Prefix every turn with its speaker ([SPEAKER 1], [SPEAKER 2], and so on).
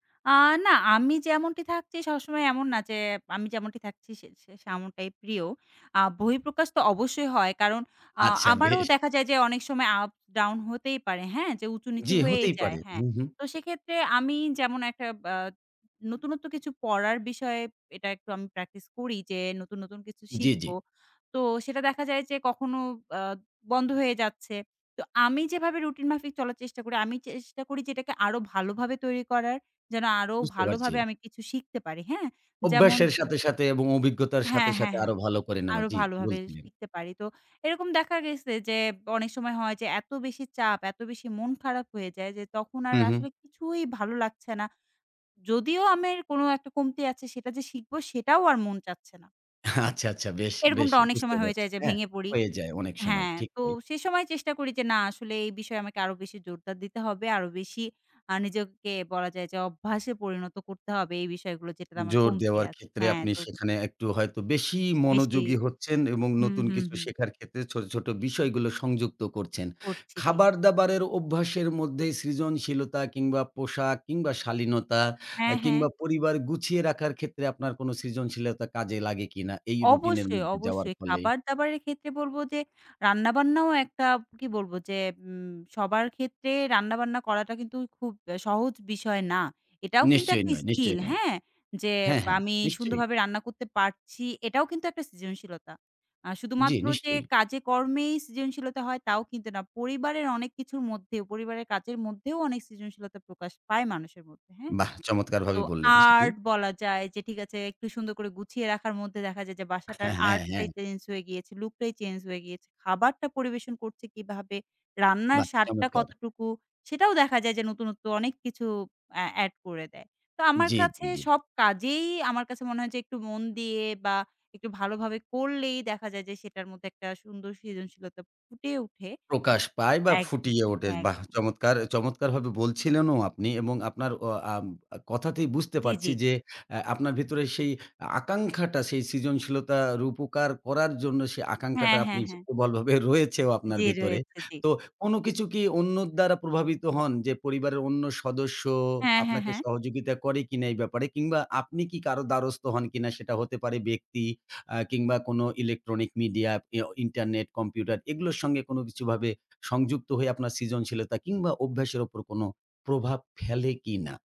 [SPEAKER 1] আ না, আমি যেমনটি থাকছি সবসময় এমন না, যে আমি যেমনটি থাকছি সে তেমনটাই প্রিয়। আ বহিঃপ্রকাশ তো অবশ্যই হয়। কারণ আ
[SPEAKER 2] আচ্ছা,
[SPEAKER 1] আমারও
[SPEAKER 2] বেশ!
[SPEAKER 1] দেখা যায়, যে অনেক সময় আপ ডাউন হতেই পারে। হ্যাঁ, যে উঁচু নিচু
[SPEAKER 2] জ্বি,
[SPEAKER 1] হয়েই
[SPEAKER 2] হতেই
[SPEAKER 1] যায়।
[SPEAKER 2] পারে।
[SPEAKER 1] হ্যাঁ।
[SPEAKER 2] হু, হু।
[SPEAKER 1] তো সেক্ষেত্রে আমি যেমন একটা বা নতুনত্ব কিছু, পড়ার বিষয়ে এটা একটু আম প্র্যাকটিস করি, যে নতুন, নতুন কিছু
[SPEAKER 2] জ্বি,
[SPEAKER 1] শিখব।
[SPEAKER 2] জ্বি।
[SPEAKER 1] তো সেটা দেখা যায় যে কখনো আ বন্ধ হয়ে যাচ্ছে। তো আমি যেভাবে রুটিন মাফিক চলার চেষ্টা করি, আমি চেষ্টা করি যে এটাকে আরো ভালোভাবে তৈরি করার, যেন আরো
[SPEAKER 2] বুঝতে
[SPEAKER 1] ভালো
[SPEAKER 2] পারছি।
[SPEAKER 1] ভাবে আমি কিছু শিখতে পারি। হ্যাঁ? যেমন
[SPEAKER 2] অভ্যাসের সাথে, সাথে এবং অভিজ্ঞতার
[SPEAKER 1] হ্যাঁ,
[SPEAKER 2] সাথে,
[SPEAKER 1] হ্যাঁ,
[SPEAKER 2] সাথে
[SPEAKER 1] হ্যাঁ।
[SPEAKER 2] আরো ভালো করে নেওয়া।
[SPEAKER 1] আরো
[SPEAKER 2] জ্বি,
[SPEAKER 1] ভালোভাবে
[SPEAKER 2] বলছিলেন?
[SPEAKER 1] শিখতে পারি। তো এরকম দেখা গেছে যে অনেক সময় হয়, যে এত বেশি চাপ, এত বেশি মন খারাপ হয়ে যায় যে তখন
[SPEAKER 2] হু,
[SPEAKER 1] আর
[SPEAKER 2] হু।
[SPEAKER 1] আসলে কিছুই ভালো লাগছে না। যদিও আমার কোন একটা কমতি আছে, সেটা যে শিখবো সেটাও আর মন চাচ্ছে না।
[SPEAKER 2] আচ্ছা, আচ্ছা, বেশ, বেশ
[SPEAKER 1] এরকমটা অনেক
[SPEAKER 2] বুঝতে
[SPEAKER 1] সময় হয়ে
[SPEAKER 2] পারছি।
[SPEAKER 1] যায় যে
[SPEAKER 2] হ্যাঁ,
[SPEAKER 1] ভেঙে পড়ি
[SPEAKER 2] হয়ে যায় অনেক সময়।
[SPEAKER 1] হ্যাঁ,
[SPEAKER 2] ঠিক
[SPEAKER 1] তো
[SPEAKER 2] তাই।
[SPEAKER 1] সে সময় চেষ্টা করি যে না আসলে এই বিষয়ে আমাকে আরো বেশি জোরদার দিতে হবে। আরো বেশি আ নিজেকে বলা যায়, যে অভ্যাসে পরিণত করতে হবে। এই বিষয়গুলো যেটাতে আমার
[SPEAKER 2] জোর
[SPEAKER 1] কমতি
[SPEAKER 2] দেওয়ার
[SPEAKER 1] আছে
[SPEAKER 2] ক্ষেত্রে
[SPEAKER 1] হ্যাঁ
[SPEAKER 2] আপনি
[SPEAKER 1] তো
[SPEAKER 2] সেখানে একটু হয়তো বেশি
[SPEAKER 1] বেশির
[SPEAKER 2] মনোযোগী হচ্ছেন এবং
[SPEAKER 1] হুম,
[SPEAKER 2] নতুন
[SPEAKER 1] হুম,
[SPEAKER 2] কিছু
[SPEAKER 1] হুম।
[SPEAKER 2] শেখার ক্ষেত্রে ছোট, ছোট বিষয়গুলো সংযুক্ত করছেন।
[SPEAKER 1] করছি জি।
[SPEAKER 2] খাবার-দাবারের অভ্যাসের মধ্যে সৃজনশীলতা কিংবা পোশাক কিংবা শালীনতা
[SPEAKER 1] হ্যাঁ,
[SPEAKER 2] অ্যা
[SPEAKER 1] হ্যাঁ।
[SPEAKER 2] কিংবা পরিবার গুছিয়ে রাখার ক্ষেত্রে আপনার কোন সৃজনশীলতা কাজে লাগে কিনা, এই রুটিন এর
[SPEAKER 1] অবশ্যই,
[SPEAKER 2] মধ্যে যাওয়ার
[SPEAKER 1] অবশ্যই
[SPEAKER 2] ফলে?
[SPEAKER 1] খাবার-দাবারের ক্ষেত্রে বলবো, যে রান্না-বান্নাও একটা কি বলবো যে উম সবার ক্ষেত্রে রান্না-বান্না করাটা কিন্তু খুব অ্যা সহজ বিষয় না। এটাও কিন্তু
[SPEAKER 2] নিশ্চয়ই
[SPEAKER 1] একটা
[SPEAKER 2] নয়,
[SPEAKER 1] স্কিল
[SPEAKER 2] নিশ্চয়ই নয়।
[SPEAKER 1] হ্যাঁ, যে
[SPEAKER 2] হ্যাঁ, হ্যাঁ
[SPEAKER 1] আমি
[SPEAKER 2] নিশ্চয়ই।
[SPEAKER 1] সুন্দরভাবে রান্না করতে পারছি, এটাও কিন্তু একটা সৃজনশীলতা। আর
[SPEAKER 2] জ্বি,
[SPEAKER 1] শুধুমাত্র যে
[SPEAKER 2] নিশ্চয়ই।
[SPEAKER 1] কাজে কর্মেই সৃজনশীলতা হয়, তাও কিন্তু না। পরিবারের অনেক কিছুর মধ্যেও, পরিবারের কাজের মধ্যেও অনেক সৃজনশীলতা প্রকাশ পায়, মানুষের মধ্যে হ্যাঁ?
[SPEAKER 2] বাহ!
[SPEAKER 1] তো
[SPEAKER 2] চমৎকারভাবে বললেন সেটি।
[SPEAKER 1] আর্ট বলা যায়, যে ঠিক আছে একটু সুন্দর করে গুছিয়ে রাখার মধ্যে দেখা যায়, যে বাসাটার
[SPEAKER 2] হ্যাঁ, হ্যাঁ, হ্যাঁ।
[SPEAKER 1] আর্টটাই চেঞ্জ হয়ে গিয়েছে, লুক টাই চেঞ্জ হয়ে গিয়েছে। খাবারটা পরিবেশন করছে কিভাবে, রান্নার
[SPEAKER 2] বাহ!
[SPEAKER 1] স্বাদটা,
[SPEAKER 2] চমৎকার!
[SPEAKER 1] কতটুকু সেটাও দেখা যায় যে নতুন, নতুন অনেক কিছু অ্যা এড করে দেয়। তো আমার
[SPEAKER 2] জ্বী, জ্বী,
[SPEAKER 1] কাছে
[SPEAKER 2] জ্বী।
[SPEAKER 1] সব কাজেই আমার কাছে মনে হয় যে একটু মন দিয়ে বা একটু ভালোভাবে করলেই দেখা যায় যে সেটার মধ্যে একটা সুন্দর সৃজনশীলতা ফুটে উঠে
[SPEAKER 2] প্রকাশ পায় বা
[SPEAKER 1] একদম,
[SPEAKER 2] ফুটিয়ে ওঠে বাহ!
[SPEAKER 1] একদম।
[SPEAKER 2] চমৎকার অ্যা চমৎকারভাবে বলছিলেনও আপনি এবং আপনার অ আ কথাতেই বুঝতে
[SPEAKER 1] জ্বী, জ্বী।
[SPEAKER 2] পারছি যে অ্যা আপনার ভেতরে সেই আকাঙ্ক্ষাটা, সেই সৃজনশীলতা রূপকার করার জন্য সেই
[SPEAKER 1] হ্যাঁ,
[SPEAKER 2] আকাঙ্খাটা
[SPEAKER 1] হ্যাঁ,
[SPEAKER 2] আপনি
[SPEAKER 1] হ্যাঁ।
[SPEAKER 2] প্রবলভাবে রয়েছেও আপনার
[SPEAKER 1] জ্বী,
[SPEAKER 2] ভেতরে।
[SPEAKER 1] রয়েছে জ্বি।
[SPEAKER 2] তো কোন কিছু কি অন্যর দ্বারা প্রভাবিত হন? যে পরিবারের অন্য সদস্য
[SPEAKER 1] হ্যাঁ, হ্যাঁ,
[SPEAKER 2] আপনাকে
[SPEAKER 1] হ্যাঁ।
[SPEAKER 2] সহযোগিতা করে কিনা? এই ব্যাপারে কিংবা আপনি কি কারো দ্বারস্থ হন কিনা? সেটা হতে পারে ব্যক্তি আ কিংবা কোন electronic media পি আউ ইন্টারনেট, কম্পিউটার এগুলোর সঙ্গে কোন কিছুভাবে সংযুক্ত হয়ে আপনার সৃজনশীলতা কিংবা অভ্যাসের উপর কোন প্রভাব ফেলে কিনা?